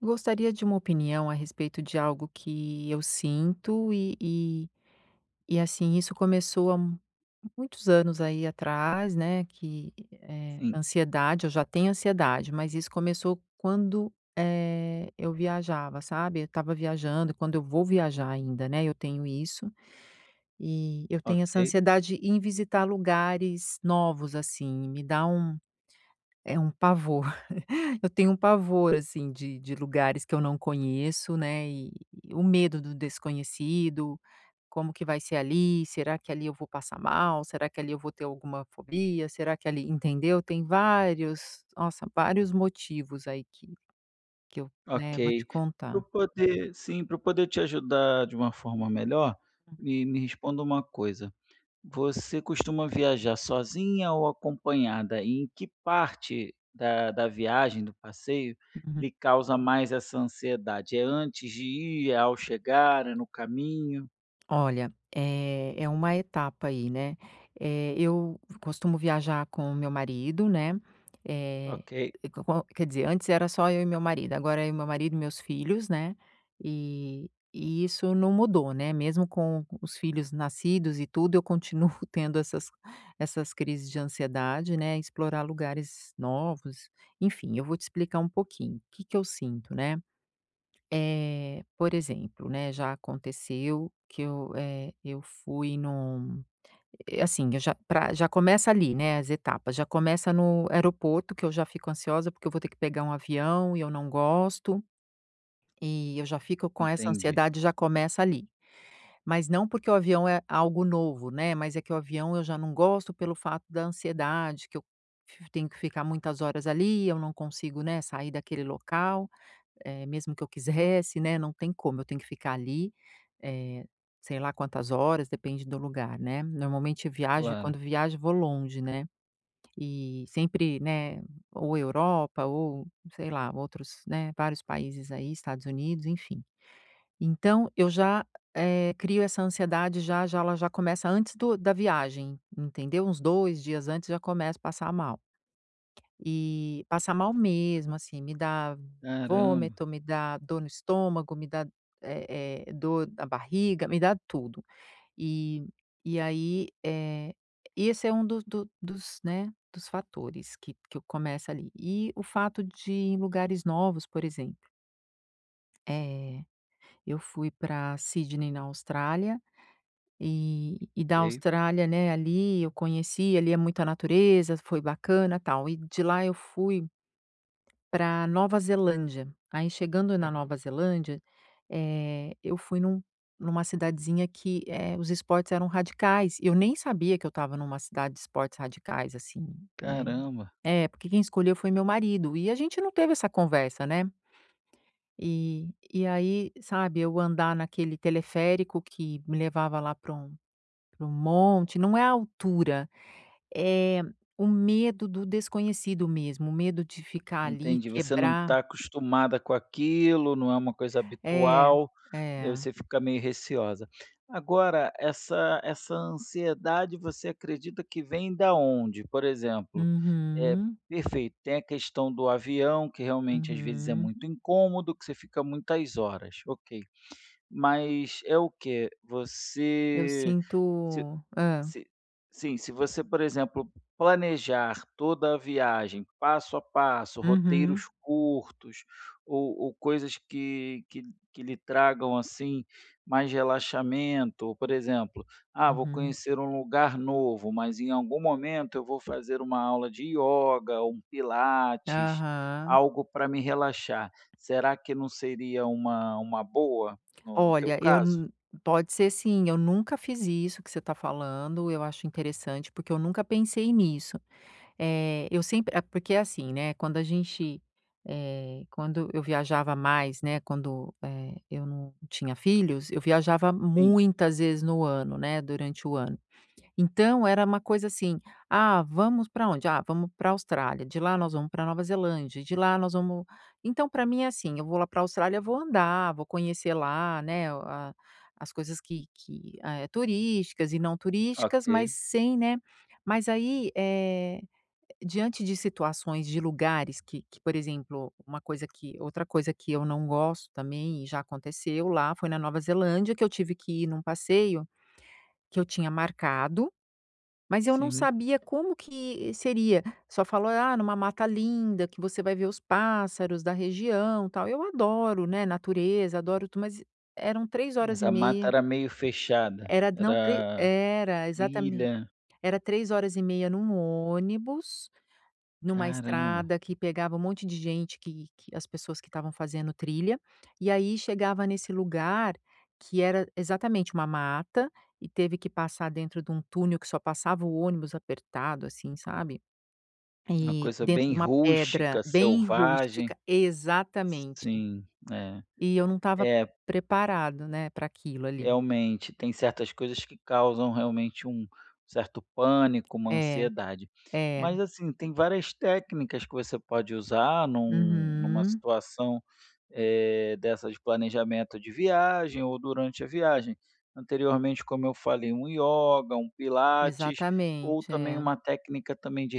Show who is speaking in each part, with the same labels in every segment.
Speaker 1: Gostaria de uma opinião a respeito de algo que eu sinto e e e, assim, isso começou há muitos anos aí atrás, né, que, eh
Speaker 2: Sim.
Speaker 1: ansiedade. Eu já tenho ansiedade, mas isso começou quando, eh, eu viajava, sabe. Eu estava viajando, e quando eu vou viajar ainda, né, eu tenho isso. E eu tenho essa
Speaker 2: Ok.
Speaker 1: ansiedade em visitar lugares novos, assim, me dá um, eh, um pavor. Eu tenho um pavor, assim, de de lugares que eu não conheço, né, e o medo do desconhecido, como que vai ser ali: "Será que ali eu vou passar mal?", "Será que ali eu vou ter alguma fobia?", "Será que ali..." Entendeu? Tem vários nossa, vários motivos aí que que eu, né, vou te
Speaker 2: Ok, pra eu
Speaker 1: contar.
Speaker 2: poder sim, pra eu poder te ajudar de uma forma melhor, me me responda uma coisa: você costuma viajar sozinha ou acompanhada e em que parte da da viagem, do passeio, lhe causa mais essa ansiedade? É antes de ir, é ao chegar, é no caminho?
Speaker 1: Olha, eh, é uma etapa aí, né. Eh, eu costumo viajar com o meu marido, né, Eh,
Speaker 2: Ok.
Speaker 1: co co qual quer dizer, antes era só eu e meu marido. Agora é eu, meu marido e meus filhos, né, e e isso não mudou, né, mesmo com os filhos nascidos e tudo, eu continuo tendo essas essas crises de ansiedade, né, em explorar lugares novos, enfim. Eu vou te explicar um pouquinho que que eu sinto, né? Eh, por exemplo, né, já aconteceu que eu, eh, eu fui num eh, assim eu já pra já começa ali, né, as etapas. Já começa no aeroporto, que eu já fico ansiosa, porque eu vou ter que pegar um avião e eu não gosto. E eu já fico com essa
Speaker 2: Entendi.
Speaker 1: ansiedade. Já começa ali. Mas não porque o avião é algo novo, né, mas é que o avião eu já não gosto pelo fato da ansiedade, que eu f tenho que ficar muitas horas ali. Eu não consigo, né, sair daquele local, eh, mesmo que eu quisesse, né, não tem como. Eu tenho que ficar ali, eh, sei lá quantas horas. Depende do lugar, né. Normalmente, quando
Speaker 2: Claro.
Speaker 1: viajo, vou longe, né. E sempre, né, ou Europa ou, sei lá, outros, né vários países aí, Estados Unidos, enfim. Então eu já, eh, crio essa ansiedade. Já, já ela já começa antes do da viagem, entendeu? Uns 2 dias antes, já começo a passar mal. E passar mal mesmo, assim. Me dá
Speaker 2: Caramba.
Speaker 1: vômito, me dá dor no estômago, me dá, eh eh, dor na barriga, me dá tudo. E e aí, eh, e esse é um dos do dos, né, dos fatores que que eu começo ali. E o fato de ir em lugares novos, por exemplo É, eu fui pra Sydney, na Austrália, e e da
Speaker 2: Ok.
Speaker 1: Austrália, né, ali, eu conheci, ali, é muita natureza, foi bacana, tal e de lá eu fui pra Nova Zelândia, aí, chegando na Nova Zelândia, eh, eu fui num numa cidadezinha que, eh, os esportes eram radicais e eu nem sabia que eu estava numa cidade de esportes radicais, assim, eh,
Speaker 2: Caramba.
Speaker 1: é porque quem escolheu foi meu marido e a gente não teve essa conversa, né? E e, aí, sabe, eu andar naquele teleférico que me levava lá para um para um monte não é a altura, é o medo do desconhecido mesmo, o medo de ficar, ali,
Speaker 2: Entendi, você não
Speaker 1: quebrar.
Speaker 2: tá acostumada com aquilo, não é uma coisa
Speaker 1: É,
Speaker 2: habitual, e, aí,
Speaker 1: é.
Speaker 2: você fica meio receosa, agora, essa essa ansiedade, você acredita que vem da onde? Por exemplo, é,
Speaker 1: Uhum.
Speaker 2: perfeito, tem a questão do avião, que, realmente, às vezes, é
Speaker 1: Uhum.
Speaker 2: muito incômodo, que você fica muitas horas, ok, mas é o quê?
Speaker 1: Eu
Speaker 2: Você, se
Speaker 1: sinto hã?
Speaker 2: se sim, se você, por exemplo, planejar toda a viagem passo a passo, roteiros
Speaker 1: Uhum.
Speaker 2: curtos ou ou coisas que que que lhe tragam, assim, mais relaxamento, por exemplo: "ah, vou
Speaker 1: Uhum.
Speaker 2: conhecer um lugar novo, mas em algum momento eu vou fazer uma aula de ioga ou um pilates,
Speaker 1: Aham.
Speaker 2: algo pra me relaxar." Será que não seria uma uma boa no no teu
Speaker 1: Olha, eu
Speaker 2: caso?
Speaker 1: n pode ser sim, eu nunca fiz isso que você tá falando, eu acho interessante, porque eu nunca pensei nisso, eh, eu sempre é porque, assim, né, quando a gente eh, quando eu viajava mais, né, quando, eh, eu não tinha filhos, eu viajava
Speaker 2: Sim.
Speaker 1: muitas vezes no ano, né, durante o ano, então era uma coisa assim: "Ah, vamos pra onde? Ah, vamos pra Austrália, de lá nós vamos pra Nova Zelândia, de lá nós vamos", então pra mim é assim, eu vou lá pra Austrália, vou andar, vou conhecer lá, né, a as coisas que que eh, turísticas e não turísticas,
Speaker 2: Ok.
Speaker 1: mas sem né, mas, aí, eh, diante de situações, de lugares que que, por exemplo, uma coisa que outra coisa que eu não gosto, também, e já aconteceu lá, foi na Nova Zelândia, que eu tive que ir num passeio que eu tinha marcado, mas eu não
Speaker 2: Sim.
Speaker 1: sabia como que seria, só falou: "Ah, é numa mata linda, que você vai ver os pássaros da região, tal", eu adoro, né, natureza, adoro tu mas eram três horas
Speaker 2: Mas
Speaker 1: e
Speaker 2: a mata
Speaker 1: meia,
Speaker 2: era meio fechada?
Speaker 1: era, não, tre
Speaker 2: Era
Speaker 1: era exatamente,
Speaker 2: trilha?
Speaker 1: era 3:30 num ônibus, numa
Speaker 2: Caramba.
Speaker 1: estrada que pegava um monte de gente que que as pessoas que estavam fazendo trilha e, aí, chegava nesse lugar, que era, exatamente, uma mata e teve que passar dentro de um túnel que só passava o ônibus apertado, assim, sabe?
Speaker 2: Uma
Speaker 1: E
Speaker 2: coisa
Speaker 1: dentro de
Speaker 2: bem
Speaker 1: uma pedra
Speaker 2: rústica,
Speaker 1: bem
Speaker 2: selvagem.
Speaker 1: rústica, exatamente,
Speaker 2: Sim, é,
Speaker 1: e eu não estava p
Speaker 2: é.
Speaker 1: preparado, né, pra aquilo, ali.
Speaker 2: Realmente, tem certas coisas que causam, realmente, um certo pânico, uma
Speaker 1: É,
Speaker 2: ansiedade,
Speaker 1: é.
Speaker 2: mas, assim, tem várias técnicas que você pode usar num numa
Speaker 1: Uhum.
Speaker 2: situação, eh, dessa de planejamento de viagem ou durante a viagem, anteriormente, como eu falei, um yoga, um pilates ou
Speaker 1: Exatamente,
Speaker 2: também
Speaker 1: é.
Speaker 2: uma técnica também de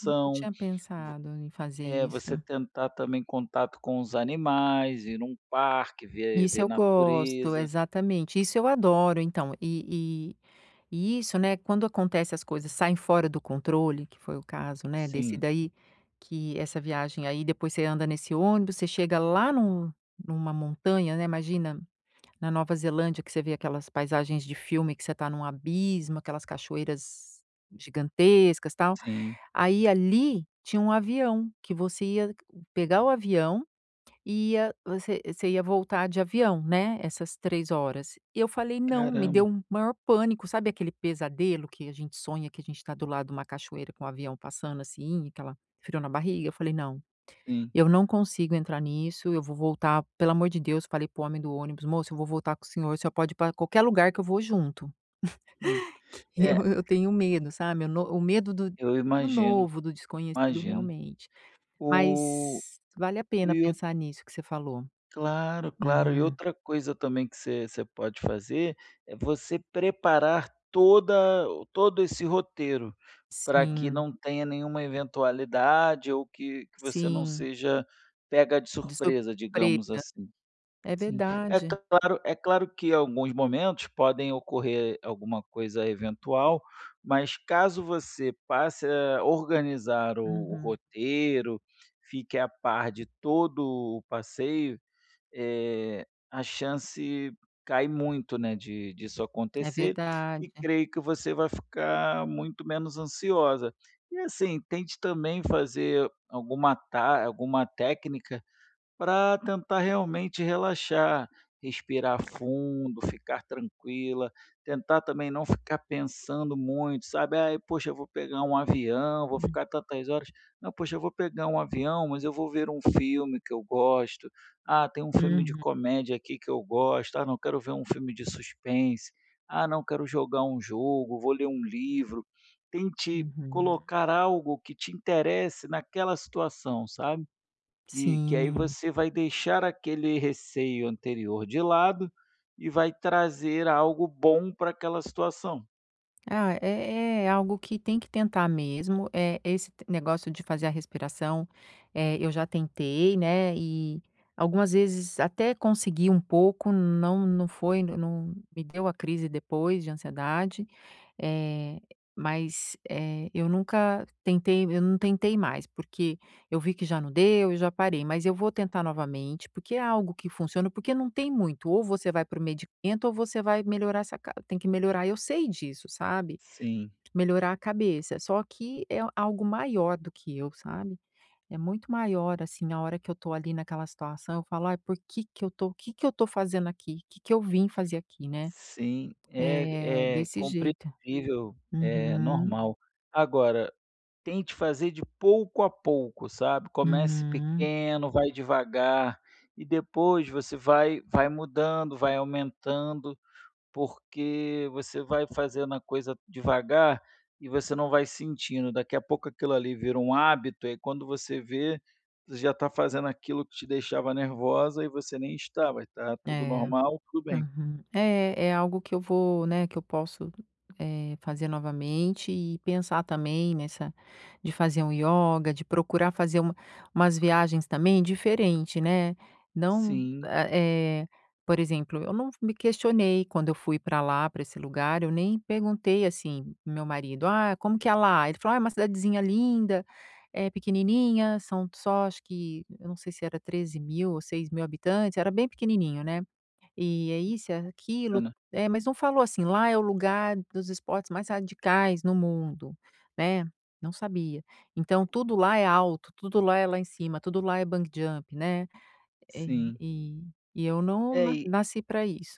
Speaker 1: Nunca tinha
Speaker 2: v
Speaker 1: pensado em fazer
Speaker 2: é, você
Speaker 1: isso.
Speaker 2: tentar também contato com os animais, ir num parque, ver
Speaker 1: Isso
Speaker 2: ver
Speaker 1: eu gosto,
Speaker 2: natureza.
Speaker 1: exatamente, isso eu adoro então e e e isso, né, quando acontece, as coisas saem fora do controle, que foi o caso, né, desse
Speaker 2: Sim.
Speaker 1: daí, que essa viagem, aí, depois você anda nesse ônibus, você chega lá num numa montanha, né, imagina, na Nova Zelândia, que você vê aquelas paisagens de filme, que você tá num abismo, aquelas cachoeiras gigantescas, tal,
Speaker 2: Sim.
Speaker 1: aí, ali tinha um avião, que você ia pegar o avião, ia você você ia voltar de avião, né, essas 3 horas e eu falei: "Não", me deu
Speaker 2: Caramba!
Speaker 1: o maior pânico, sabe, aquele pesadelo que a gente sonha que a gente tá do lado de uma cachoeira com o avião passando, assim, aquela frio na barriga? Eu falei: "Não,
Speaker 2: Sim.
Speaker 1: eu não consigo entrar nisso, eu vou voltar, pelo amor de Deus", falei para o homem do ônibus: "Moço, eu vou voltar com o senhor, o senhor pode ir pra qualquer lugar que eu vou junto",
Speaker 2: Hum,
Speaker 1: que
Speaker 2: é.
Speaker 1: eu eu tenho medo, sabe? O no o medo do
Speaker 2: Eu
Speaker 1: do
Speaker 2: imagino,
Speaker 1: novo, do desconhecido,
Speaker 2: imagino.
Speaker 1: realmente,
Speaker 2: O
Speaker 1: mas vale a pena
Speaker 2: e ou
Speaker 1: pensar nisso que você falou.
Speaker 2: Claro, claro, e
Speaker 1: Uhum.
Speaker 2: outra coisa, também, que você você pode fazer, é você preparar toda todo esse roteiro, pra que
Speaker 1: Sim.
Speaker 2: não tenha nenhuma eventualidade ou que que você não
Speaker 1: Sim.
Speaker 2: seja pega de
Speaker 1: De
Speaker 2: surpresa, digamos
Speaker 1: surpresa,
Speaker 2: assim,
Speaker 1: é
Speaker 2: sim, é
Speaker 1: verdade.
Speaker 2: claro é claro que alguns momentos podem ocorrer alguma coisa eventual, mas caso você passe a organizar o o
Speaker 1: Uhum.
Speaker 2: roteiro, fique a par de todo o passeio, eh, a chance cai muito, né, de disso
Speaker 1: É
Speaker 2: acontecer e
Speaker 1: verdade.
Speaker 2: creio que você vai ficar muito menos ansiosa e, assim, tente também fazer alguma ta alguma técnica pra tentar, realmente, relaxar, respirar fundo, ficar tranquila, tentar também não ficar pensando muito, sabe? "Ai, poxa, vou pegar um avião, vou
Speaker 1: Hum.
Speaker 2: ficar tantas horas, não, poxa, eu vou pegar um avião, mas eu vou ver um filme que eu gosto, ah, tem um filme de
Speaker 1: Uhum.
Speaker 2: comédia aqui que eu gosto, ah, não, quero ver um filme de suspense, ah, não, quero jogar um jogo, vou ler um livro", tente
Speaker 1: Uhum.
Speaker 2: colocar algo que te interesse naquela situação, sabe? Que que, aí,
Speaker 1: Sim.
Speaker 2: você vai deixar aquele receio anterior de lado e vai trazer algo bom pra aquela situação.
Speaker 1: Ah, é é é algo que tem que tentar mesmo, eh, esse negócio de fazer a respiração, eh, eu já tentei, né, e, algumas vezes, até consegui um pouco, não não foi não me deu a crise depois de ansiedade, eh, mas, eh, eu nunca tentei eu não tentei mais, porque eu vi que já não deu e já parei, mas eu vou tentar novamente, porque é algo que funciona, porque não tem muito ou você vai para o medicamento ou você vai melhorar essa ca tem que melhorar, eu sei disso, sabe,
Speaker 2: Sim.
Speaker 1: melhorar a cabeça, só que é algo maior do que eu, sabe, é muito maior, assim, na hora que eu tô, ali, naquela situação, eu falo: "Ai, por que que eu tô que que eu tô fazendo aqui? Que que eu vim fazer aqui", né,
Speaker 2: Sim,
Speaker 1: é
Speaker 2: é é
Speaker 1: desse jeito.
Speaker 2: compreensível, é
Speaker 1: Uhum.
Speaker 2: normal, agora, tente fazer de pouco a pouco, sabe, comece
Speaker 1: Uhum.
Speaker 2: pequeno, vai devagar e depois você vai vai mudando, vai aumentando, porque você vai fazendo a coisa devagar e você não vai sentindo, daqui a pouco, aquilo ali vira um hábito, aí, quando você vê, já tá fazendo aquilo que te deixava nervosa e você nem está, vai tá tudo
Speaker 1: É,
Speaker 2: normal, tudo bem.
Speaker 1: uhum. É é algo que eu vou, né, que eu posso, eh, fazer novamente e pensar também nessa, de fazer um ioga, de procurar fazer uma umas viagens, também, diferente, né, não
Speaker 2: Sim.
Speaker 1: eh eh, por exemplo, eu não me questionei quando eu fui para lá, para esse lugar, eu nem perguntei, assim, para o meu marido: "Ah, como que é lá?", Ele falou: "Ah, é uma cidadezinha linda, é pequenininha", são só acho que eu não sei se era 13 mil ou 6 mil habitantes, era bem pequenininho, né, é isso, é aquilo,
Speaker 2: Ana.
Speaker 1: é, mas não falou assim: "Lá é o lugar dos esportes mais radicais no mundo", né, não sabia, então tudo lá é alto, tudo lá é lá em cima, tudo lá é bungee jump, né, eh,
Speaker 2: Sim.
Speaker 1: e e eu não
Speaker 2: É,
Speaker 1: na
Speaker 2: e
Speaker 1: nasci pra isso.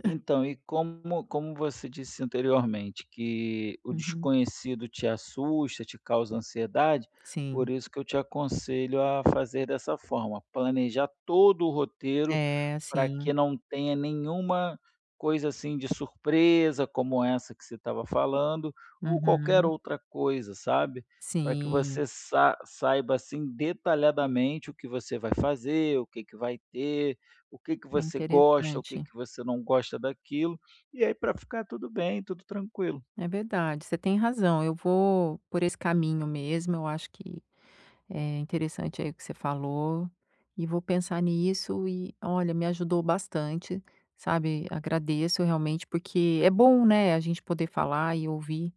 Speaker 2: Então, e como como você disse anteriormente, que o
Speaker 1: Uhum.
Speaker 2: desconhecido te assusta, te causa ansiedade, por
Speaker 1: Sim.
Speaker 2: isso que eu te aconselho a fazer dessa forma, planejar todo o roteiro
Speaker 1: É,
Speaker 2: para
Speaker 1: sim.
Speaker 2: que não tenha nenhuma coisa, assim, de surpresa, como essa que você estava falando ou qualquer
Speaker 1: Uhum.
Speaker 2: outra coisa, sabe, para que
Speaker 1: Sim.
Speaker 2: você sa saiba, assim, detalhadamente, o que você vai fazer, o que que vai ter, o que que
Speaker 1: É
Speaker 2: você gosta, o que
Speaker 1: interessante.
Speaker 2: que você não gosta daquilo e, aí, para ficar tudo bem, tudo tranquilo.
Speaker 1: É verdade, você tem razão, eu vou por esse caminho mesmo, eu acho que é interessante, aí, o que você falou e vou pensar nisso e olha, me ajudou bastante, sabe, agradeço, realmente, porque é bom, né, a gente poder falar e ouvir,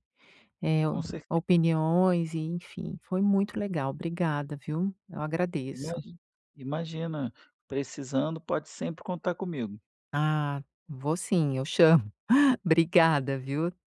Speaker 1: eh,
Speaker 2: Com certeza.
Speaker 1: opiniões, enfim, foi muito legal. Obrigada, viu, eu agradeço.
Speaker 2: Imagi imagina, precisando pode sempre contar comigo.
Speaker 1: Ah, vou sim, eu chamo. Obrigada, viu?